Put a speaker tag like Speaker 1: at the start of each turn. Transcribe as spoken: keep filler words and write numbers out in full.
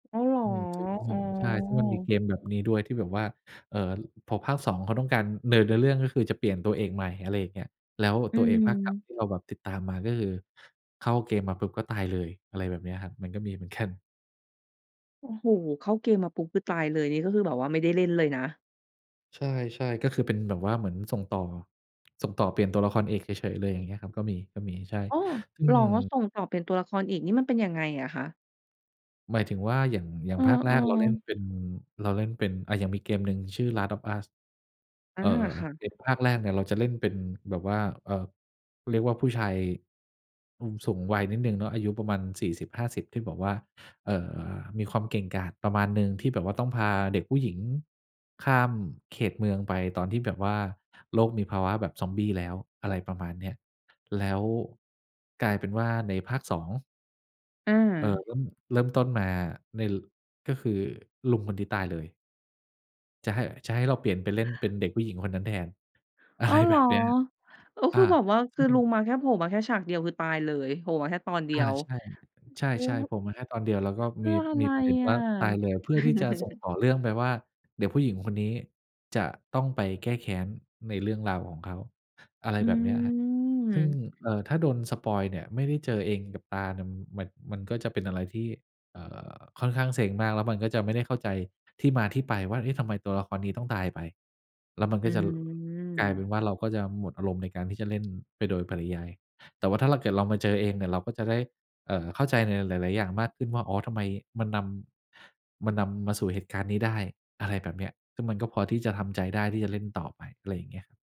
Speaker 1: อ้าวเหรอ?
Speaker 2: อืม
Speaker 1: อ๋
Speaker 2: ใช่ ซึ่งมันมี
Speaker 1: อ
Speaker 2: เกมแบบนี้ด้วยที่แบบว่า เอ่อ พอภาค สอง เขาต้องการเดินเนื้อเรื่อง ก็คือจะเปลี่ยนตัวเอกใหม่ อะไรอย่างเงี้ย แล้ว
Speaker 1: อื
Speaker 2: ตัวเอกภาคเก่า
Speaker 1: ม
Speaker 2: ที่เราแบบติดตามมา ก็คือเข้าเกมมาปุ๊บก็ตายเลย อะไรแบบเนี้ยครับ มันก็มีเหมือน กัน
Speaker 1: โอ้โฮ เข้าเกมมาปุ๊บคือตายเลย นี่ก็คือแบบว่าไม่ได้เล่นเลยนะ
Speaker 2: ใช่ ๆ ก็คือเป็นแบบว่าเหมือนส่งต่อ ส่งต่อเปลี่ยนตัวละครเอกเฉย ๆ เลย อย่างเงี้ยครับ ก็มี ก็มี ใช่
Speaker 1: อ้อ!
Speaker 2: ซึ่
Speaker 1: เห
Speaker 2: ง
Speaker 1: รอ? ส่งต่อ เปลี่ยนตัวละครอีกนี่มันเป็นยังไงอะคะ?
Speaker 2: หมายถึงว่าอย่าง อย่า
Speaker 1: เอ
Speaker 2: ง
Speaker 1: อ
Speaker 2: ภาคแรกเราเล่น
Speaker 1: ๆ
Speaker 2: เป็น เราเล่นเป็น อะอย่างมีเกมหนึ่งชื่อ Last of us
Speaker 1: อ
Speaker 2: เ
Speaker 1: า
Speaker 2: อ่อ
Speaker 1: ค่ะ
Speaker 2: เกมภาคแรกเนี่ยเราจะเล่นเป็นแบบว่า เอ่อ เรียกว่าผู้ชาย อ สูงวัยนิดหนึ่งเนาะ อายุประมาณ สี่สิบห้าสิบ ที่แบบว่า เอ่อ มีความเก่งกาจประมาณหนึ่ง ที่แบบว่าต้องพาเด็กผู้หญิงข้ามเขตเมืองไปตอนที่แบบว่าโลกมีภาวะแบบซอมบี้แล้ว อะไรประมาณเนี้ย แล้วกลายเป็นว่าในภาค สอง
Speaker 1: อ
Speaker 2: เอ่อ
Speaker 1: า
Speaker 2: ก็เริ่มต้นมาใน ล ก็คือลุงคนนี้ตายเลย จะให้ จะให้เราเปลี่ยนไปเล่นเป็นเด็กผู้หญิงคนนั้นแทน อะ
Speaker 1: อ้
Speaker 2: ไร
Speaker 1: าวเหร
Speaker 2: แบ
Speaker 1: อ?
Speaker 2: บเนี้ย
Speaker 1: โอ้
Speaker 2: อ
Speaker 1: ค
Speaker 2: า
Speaker 1: ือแบบว่า
Speaker 2: ซ
Speaker 1: ค
Speaker 2: ึ
Speaker 1: ื
Speaker 2: ่
Speaker 1: อลุง
Speaker 2: ง
Speaker 1: มาแค่โผล่มาแค่ฉากเดียว คือตายเลย โผล่มาแค่ตอนเดี
Speaker 2: อา
Speaker 1: ยว
Speaker 2: ใช่ ใช่ ๆ โผล่มาแค่ตอนเดียว แล้วก็
Speaker 1: เพ
Speaker 2: ม
Speaker 1: ื่
Speaker 2: ี
Speaker 1: ออะ
Speaker 2: ม
Speaker 1: ไร
Speaker 2: ีประเด็น
Speaker 1: อ
Speaker 2: ว่
Speaker 1: ะ?
Speaker 2: าตายเลย เพื่อที่จะส่งต่อเรื่องไปว่า เด็กผู้หญิงคนนี้จะต้องไปแก้แค้นในเรื่องราวของเขา อะไร
Speaker 1: อื
Speaker 2: แบบเนี้ยครับ ซึ่ง
Speaker 1: ม
Speaker 2: เอ่อ ถ้าโดนสปอยล์เนี่ยไม่ได้เจอเองกับตาเนี่ย ม มัน มันก็จะเป็นอะไรที่ เอ่อ ค่อนข้างเซ็งมาก แล้วมันก็จะไม่ได้เข้าใจที่มาที่ไปว่า "เอ๊ะ ทำไมตัวละครนี้ต้องตายไป?" แล้วมัน
Speaker 1: อ
Speaker 2: ก
Speaker 1: ื
Speaker 2: ็จะ ล กลายเป็
Speaker 1: ม
Speaker 2: นว่า เราก็จะหมดอารมณ์ในการที่จะเล่นไปโดยปริยาย แต่ว่าถ้าเรา เกิดเรามาเจอเองเนี่ย เราก็จะได้ เอ่อ เข้าใจในหลาย ๆ อย่างมากขึ้นว่า อ๋อ ทำไมมันนำ มันนำมาสู่เหตุการณ์นี้ได้ อะไรแบบเนี้ย ซึ่งมันก็พอที่จะทำใจได้ที่จะเล่นต่อไป ไรอย่างเงี้ย